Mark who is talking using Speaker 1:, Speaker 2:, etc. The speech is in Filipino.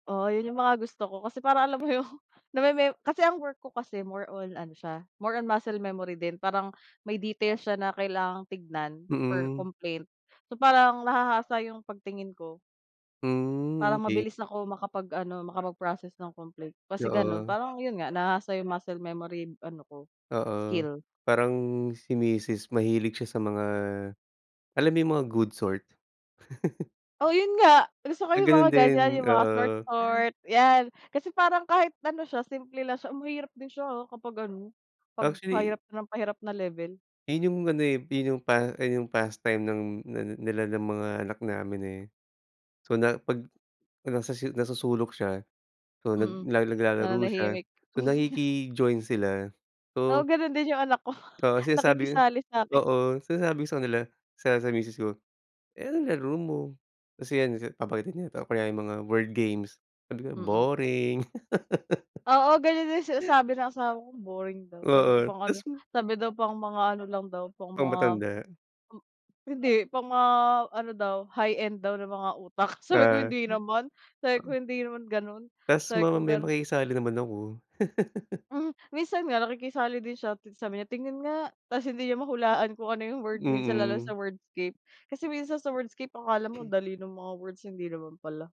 Speaker 1: Oo yun yung mga gusto ko, kasi parang alam mo yung nameme kasi ang work ko kasi more on ano siya, more on muscle memory din, parang may details siya na kailangang tignan for
Speaker 2: Hmm.
Speaker 1: complaint, so parang nahahasa yung pagtingin ko
Speaker 2: Hmm,
Speaker 1: para
Speaker 2: okey.
Speaker 1: mabilis ako makapag ano, makapag process ng complaint, kasi ganun,
Speaker 2: Oo.
Speaker 1: parang yun nga nahasa yung muscle memory ano ko,
Speaker 2: Oo,
Speaker 1: skill.
Speaker 2: parang si misis mahilig siya sa mga alam, yung mga good sort?
Speaker 1: Oh, yun nga, gusto ko
Speaker 2: Ah,
Speaker 1: yung mga
Speaker 2: ganun
Speaker 1: ganiyan,
Speaker 2: din?
Speaker 1: yung mga
Speaker 2: Oo.
Speaker 1: sort-sort, yan. Kasi parang kahit ano siya simple lang siya mahirap din siya, ah, kapag ano pag
Speaker 2: Actually
Speaker 1: pahirap ng pahirap na level.
Speaker 2: yun yung ano, eh, yun yung pa yung pastime ng na nila ng mga anak namin, eh, so na pag nasa nasa sulok siya, so nag
Speaker 1: Mm,
Speaker 2: nag naglalaro siya,
Speaker 1: nananahimik.
Speaker 2: so nakiki-join sila,
Speaker 1: Oo
Speaker 2: so
Speaker 1: ganun din yung anak ko,
Speaker 2: Oo sinasabi ko
Speaker 1: nakikisali sa'kin.
Speaker 2: oo sinasabi ko sa kanila, sa sa misis ko, "Eh, ano laro mo?" Kasi yan papakita niya kaya yung mga word games, sabi ko,
Speaker 1: Mm.
Speaker 2: "Boring."
Speaker 1: Oo ganiyan din sinasabi ng asawa ko boring daw, sabi ko
Speaker 2: Oo,
Speaker 1: pang
Speaker 2: ta's
Speaker 1: ano
Speaker 2: m
Speaker 1: sabi daw pang mga ano lang daw, pang
Speaker 2: Pang
Speaker 1: mga
Speaker 2: matanda.
Speaker 1: m hindi, pang mga ano daw, high end daw na mga utak, sabi ko,
Speaker 2: Ah.
Speaker 1: "Hindi naman," sabi ko, "Hindi naman ganon,"
Speaker 2: Ta's
Speaker 1: sabi kong
Speaker 2: mamamaya
Speaker 1: ganon.
Speaker 2: makikisali naman ako.
Speaker 1: Hmm, minsan nga nakikisali din siya ta's sabi niya, "Tingin nga," ta's hindi niya mahulaan kung ano yung word minsan lalo sa
Speaker 2: Mm.
Speaker 1: wordscape, kasi minsan sa wordscape akala mo dali nung mga words, hindi naman pala.